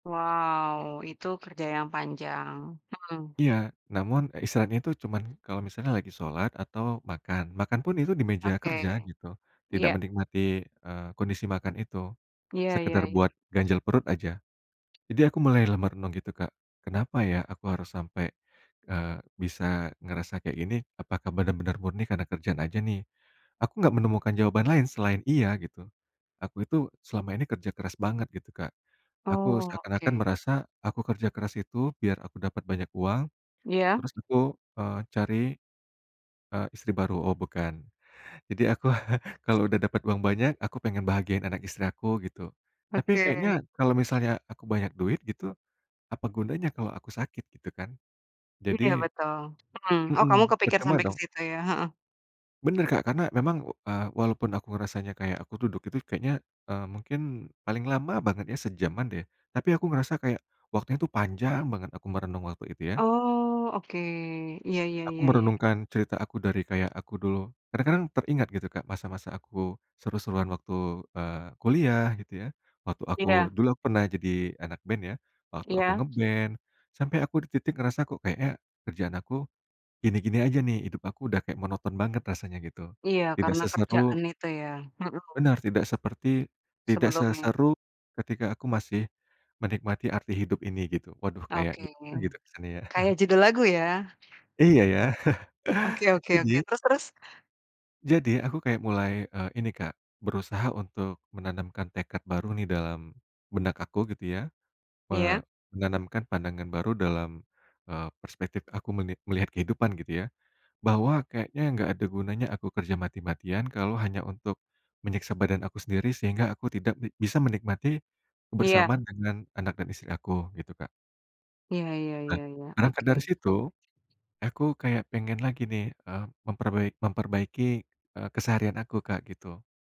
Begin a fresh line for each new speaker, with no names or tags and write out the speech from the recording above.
Wow, itu kerja yang panjang, hmm.
Iya, namun, eee, istirahatnya itu cuman kalau misalnya lagi sholat atau makan, makan pun itu di meja kerja
Oke,
gitu, tidak
iya.
menikmati, eee, kondisi makan itu,
Iya ya
sekedar buat
ya.
ganjal perut aja. Jadi aku mulai lah merenung gitu, Kak, kenapa ya aku harus sampai, eee, bisa ngerasa kayak gini? Apakah benar-benar murni karena kerjaan aja nih? Aku nggak menemukan jawaban lain selain iya gitu. Aku itu, selama ini kerja keras banget gitu, Kak. Aku
Oh,
seakan-akan
oke.
merasa, aku kerja keras itu biar aku dapat banyak uang,
Iya.
terus aku, eee, cari, eee, istri baru, oh bukan, jadi aku kalau udah dapat uang banyak, aku pengen bahagiain anak istri aku gitu. Tapi kayaknya
Oke.
kalau misalnya aku banyak duit gitu, apa gunanya kalau aku sakit, gitu kan.
Iya
Jadi
betul, hmm. Oh kamu
mhm,
kepikir
percuma
sampai ke
dong.
situ ya? Heeh.
Benar, Kak, karena memang, eee, walaupun aku ngerasanya kayak aku duduk itu kayaknya, eee, mungkin paling lama banget ya sejaman deh. Tapi aku ngerasa kayak, waktunya itu panjang banget aku merenung waktu itu ya.
Oh, oke ya ya
Aku
ya ya.
merenungkan cerita aku dari kayak aku dulu kadang-kadang teringat gitu, Kak, masa-masa aku seru-seruan waktu, eee, kuliah gitu ya, waktu aku
Iya.
dulu aku pernah jadi anak band ya, waktu aku
Iya.
nge-band, sampai aku di titik ngerasa kok kayaknya, kerjaan aku gini-gini aja nih, hidup aku udah kayak monoton banget rasanya gitu.
Iya
Tidak
karena
seseru
kerjaan itu ya? Mhm.
benar tidak seperti tidak
Sebelumnya.
seseru ketika aku masih menikmati arti hidup ini gitu. Waduh kayak
Oke,
gimana gitu kesannya ya?
kayak judul lagu ya?
Iya ya,
Oke oke oke.
jadi
Terus terus?
Jadi aku kayak mulai, eee, ini, Kak, berusaha untuk menanamkan tekad baru nih dalam benak aku gitu ya.
Iya.
Eee, menanamkan pandangan baru dalam, eee, perspektif aku meni melihat kehidupan gitu ya. Bahwa kayaknya enggak ada gunanya aku kerja mati-matian, kalau hanya untuk menyiksa badan aku sendiri sehingga aku tidak bi bisa menikmati,
Iya.
kebersamaan dengan anak dan istri aku, gitu, Kak.
Iya, ya
Be
ya ya.
berangkat
Oke,
dari situ,
e
aku kayak pengen lagi nih, eee, memperbai memperbaiki, eee, keseharian aku, Kak, gitu.